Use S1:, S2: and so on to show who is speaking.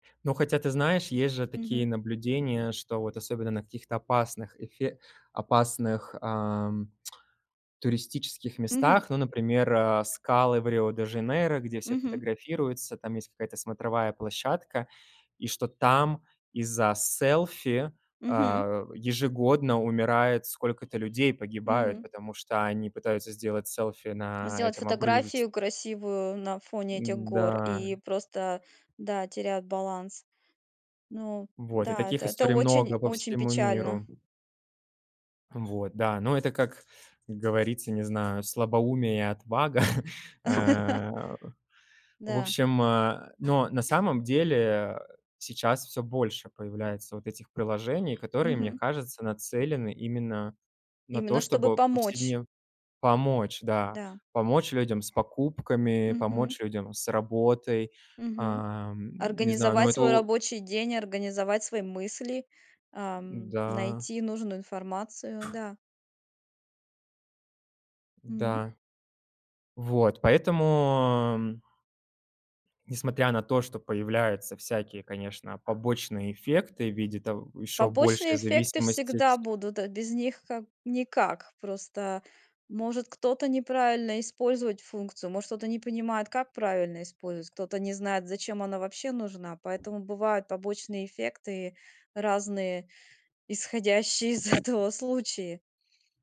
S1: Но хотя, ты знаешь, есть же такие
S2: Мгм.
S1: наблюдения, что вот особенно на каких-то опасных эфе опасных, ам, туристических
S2: Мгм.
S1: местах, ну, например, э, скалы в Рио-де-Жанейро, где все
S2: Мгм.
S1: фотографируются, там есть какая-то смотровая площадка, и что там из-за селфи,
S2: Мгм.
S1: а, ежегодно умирает сколько-то людей, погибают,
S2: М.
S1: потому что они пытаются сделать селфи на
S2: Сделать
S1: этом обрывист
S2: фотографию красивую на фоне этих гор
S1: Н-да.
S2: и просто, да, теряют баланс. Ну
S1: Вот, и
S2: да,
S1: таких
S2: это это
S1: историй
S2: очень
S1: много по
S2: очень
S1: всему
S2: печально.
S1: миру. Вот, да. Но это, как говорится, не знаю, слабоумие и отвага. Э, в
S2: Да.
S1: общем, э, но на самом деле сейчас всё больше появляется вот этих приложений, которые, мне
S2: Мгм.
S1: кажется, нацелены именно на то,
S2: Именно чтобы
S1: чтобы
S2: помочь.
S1: повседн помочь, да,
S2: Да.
S1: помочь людям с покупками,
S2: Мгм.
S1: помочь людям с работой.
S2: Мгм,
S1: Ам, не знаю, но
S2: организовать
S1: это
S2: свой
S1: о
S2: рабочий день, организовать свои мысли, ам,
S1: М-да.
S2: найти нужную информацию, да. М.
S1: Да. Вот поэтому, м Несмотря на то, что появляются всякие, конечно, побочные эффекты в виде то ещё больше
S2: Побочные эффекты
S1: зависимость, э,
S2: всегда
S1: ть
S2: будут, э, без них как никак. Просто, может, кто-то неправильно использовать функцию, может, кто-то не понимает, как правильно использовать, кто-то не знает, зачем она вообще нужна, поэтому бывают побочные эффекты разные, исходящие из этого случаи.